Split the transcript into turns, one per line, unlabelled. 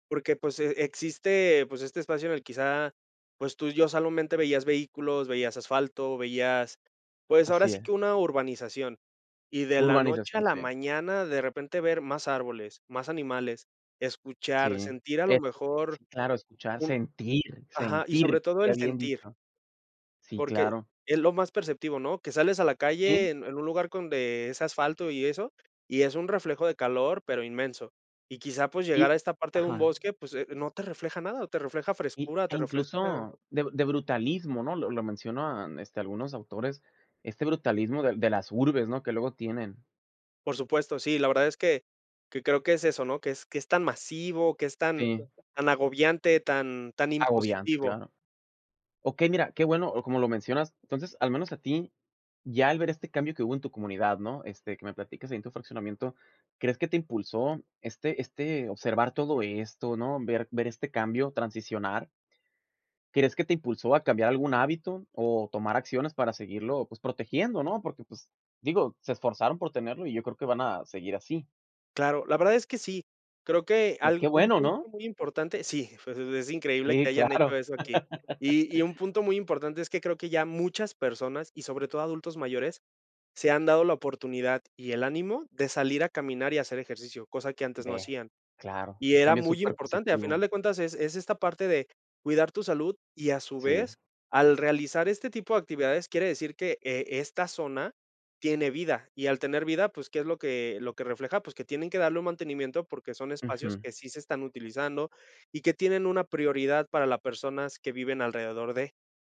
Porque, pues, e existe, pues, este espacio en el quizá, pues, tú ya solamente veías vehículos, veías asfalto, veías, pues, ahora
Así
sí
es.
que una urbanización, y de la noche a
Urbanización,
la
sí.
mañana, de repente, ver más árboles, más animales, escuchar,
Sí,
sentir a lo
eso sí.
mejor
Sí, claro escuchar,
un
sentir,
ajá, y sobre
sentir,
todo
qué
el
bien
sentir
dicho. Sí
porque,
claro.
es lo más perceptivo, ¿no?, que sales a la
Sí.
calle en en un lugar con de ese asfalto y eso, y es un reflejo de calor, pero inmenso. Y quizá, pues, llegar a
Y
esta parte de un
ajá.
bosque, pues, eh, no te refleja nada, te refleja
Y,
frescura,
e
te refresca
incluso de de brutalismo, ¿no?, lo lo mencionan, este, algunos autores, este brutalismo de de las urbes ¿no?, que luego tienen.
Por supuesto, sí, la verdad es que que creo, que es eso, ¿no?, que es que es tan masivo, que es tan
Sí.
tan agobiante, tan tan
Agobiante,
impositivo.
claro. Okey, mira, qué bueno, o como lo mencionas, entonces, al menos a ti, ya al ver este cambio que hubo en tu comunidad, ¿no?, este, que me platicas ahí en tu fraccionamiento, ¿crees que te impulsó, este este observar todo esto, no? Ver ver este cambio, transicionar ¿crees que te impulsó a cambiar algún hábito o tomar acciones para seguirlo, pues, protegiendo, no? Porque, pues, digo, se esforzaron por tenerlo y yo creo que van a seguir así.
Claro, la verdad es que sí. Creo que
Y qué
algún
bueno,
punto
¿no?
muy importante sí, pues, es increíble
Sí,
que hayan hecho
claro.
eso aquí, y y un punto muy importante es que creo que ya muchas personas y sobre todo adultos mayores, se han dado la oportunidad y el ánimo de salir a caminar y hacer ejercicio, cosa que antes no
Ve,
hacían.
claro,
Y
un
era
cambio
muy importante, a final
superpositivo.
de cuentas, es es esta parte de cuidar tu salud y, a su
Sí.
vez, al realizar este tipo de actividades, quiere decir que, eh, esta zona tiene vida y al tener vida, pues, ¿qué es lo que lo que refleja? Pues, que tienen que darle un mantenimiento, porque son espacios
Ujú.
que sí se están utilizando y que tienen una prioridad para las personas que viven alrededor de.